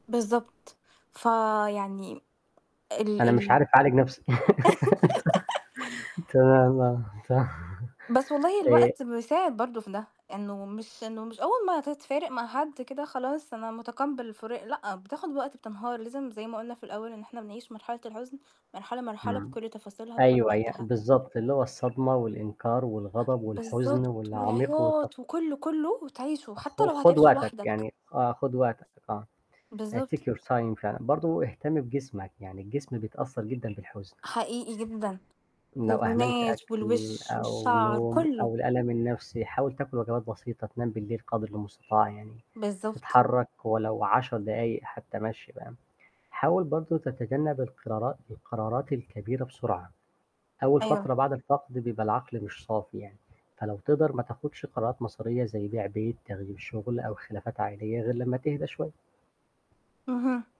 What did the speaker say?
بالضبط، ف يعني ال أنا مش ال عارف أعالج نَفْسي تمام، آه. صح بس والله آآ الوقت بيساعد برضه في ده، إنه مش إنه مش أول ما تفارق مع حد كده خلاص أنا مُتقبل الفراق لأ، بتاخد وقت، بتنهار لازم زَي ما قُلنا في الأول إن إحنا بنعيش مرحلة الحزن مرحلة، مرحلة إمم. بكلّ تفاصيلها، بكلّ أيوه، هي وقتها. بالضبط، اللي هو الصدمة، والإنكار، ه والغضب، والحزن، بالضبط، والعميق والت والعياط، وكلّه، كلّه وتعيشه، حتى خُ لو خُد هتعيشه وقتك لوحدك. يعني آه، خُد وقتك آه، Take بالضبط. your time فعلًا، برضه اهتم بجسمك، يعني الجسم بيتأثر جدًا بالحزن. حقيقي جدًا، لو أهملت هرمونات، أكْل، والوش، أو والشَعر نوم، كلّه. أو الألم النَفْسي حاول تاكل وجبات بسيطة، تنام بالليل قدْر المستطاع يعني، بالضبط. تتحرك ولو 10 دقايق حتى مَشي فاهم؟ حاول برضه تتجنب القِرارات، القَرارات الكبيرة بسرعة. أول أيوه. فترة بعد الفقد بيبقى العقل مش صافي يعني، فلو تقدَر ما تاخدش قرارات مصيرية زَي بيع بيت، تغيير شغل، أو خلافات عائلية غِير لمّا تهدا شوية. اهم.